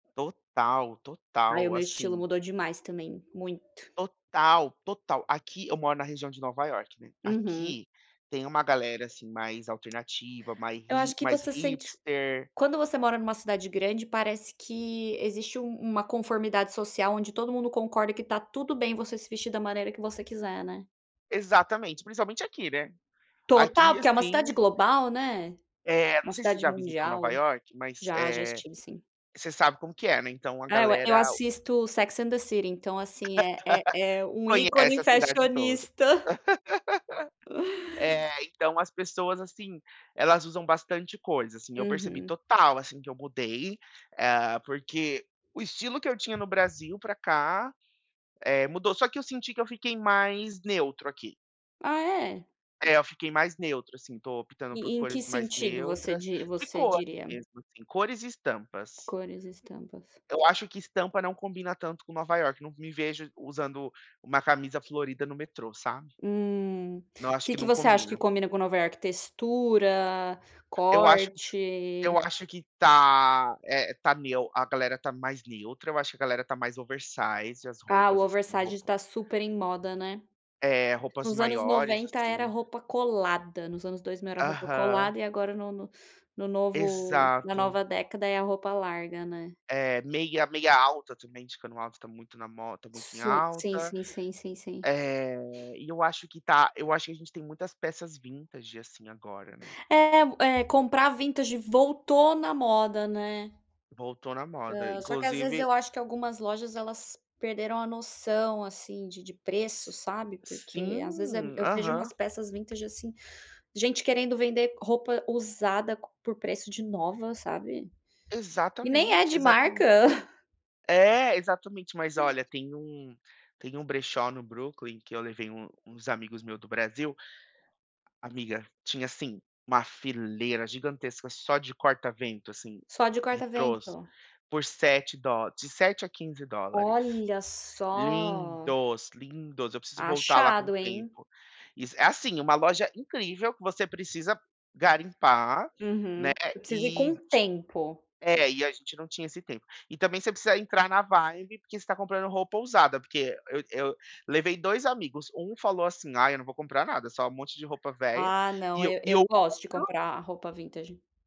Total, Ai, o total, meu estilo assim mudou demais também. Muito. Total, total. Aqui eu moro na região de Nova Iorque, né. Uhum. Aqui tem uma galera assim mais alternativa, mais Eu acho hi que mais você sente q hipster. quando você mora numa cidade grande, parece que existe um uma conformidade social, onde todo mundo concorda que tá tudo bem você se vestir da maneira que você quiser, né. Exatamente, principalmente aqui, né? Total! Aqui, Porque é uma cidade assim global, né. É, não Uma sei se você cidade já visitou Nova mundial. Iorque, mas, Já, já eh, estive sim. você sabe como que é, né? Então, a Ah, eu a eu galera assisto Sex and the city, então assim, é é é um Conhece ícone a cidade toda. fashionista. É, então, as pessoas assim, elas usam bastante coisa, assim. Eu percebi Uhum. total, assim, que eu mudei. Hã, porque o estilo que eu tinha no Brasil pra cá, eh, mudou. Só que eu senti que eu fiquei mais neutro aqui. Ah, é? É, eu fiquei mais neutro, assim, tô optando por E em que cores mais sentido você neutras di de você cor diria? mesmo assim, cores e estampas. Cores e estampas. Eu acho que estampa não combina tanto com Nova Iorque, não me vejo usando uma camisa florida no metrô, sabe. Hum. Não, acho Que que que não você acha que combina. combina com Nova Iorque: textura, Eu acho corte? eu acho que tá, eh, tá neu a galera tá mais neutra, eu acho que a galera tá mais oversize, as Ah, o roupas assim, oversize roupão tá super em moda, né? É, roupas Nos anos maiores, 90 era assim. roupa colada. Nos anos 2000 era roupa Aham. colada. E agora no no no novo na Exato. nova década é a roupa larga, né. É, meia meia alta também de cano alto tá muito na mo tá muito em Sui sim, alta. sim, sim, sim. Eh, e eu acho que tá eu acho que a gente tem muitas peças vintage assim, agora, né. É é o comprar vintage voltou na moda, né. Voltou na moda. Hã, só que às vezes Inclusive eu acho que algumas lojas elas perderam a noção, assim, de de S preço sabe porque às vezes é e sim! eu vejo Aham. umas peças vintage assim gente querendo vender roupa usada c por preço de nova, sabe. E nem é Exatamente, de exatame marca. É, exatamente. Mas olha, tem um tem um brechó no Brooklyn que eu levei um uns amigos meu do Brasil amiga, tinha, assim, uma fileira gigantesca só de corta-vento, assim, Só de corta retrôs, vento? por sete dó de 7 a 15 dólares. Olha só! Lindos, lindos! Eu preciso voltar lá com Achado, hein? tempo. Isso é assim, uma loja incrível que você precisa garimpar, né, Uhum. Eu preciso ir com e tempo. é, e a gente não tinha esse tempo. E também você precisa entrar na vibe porque você tá comprando roupa usada. Porque eu e eu levei 2 amigos, 1 falou assim: "Ai, eu não vou comprar nada, só um monte de roupa velha". Ah, não E o e e o eu outro gosto de comprar roupa vintage.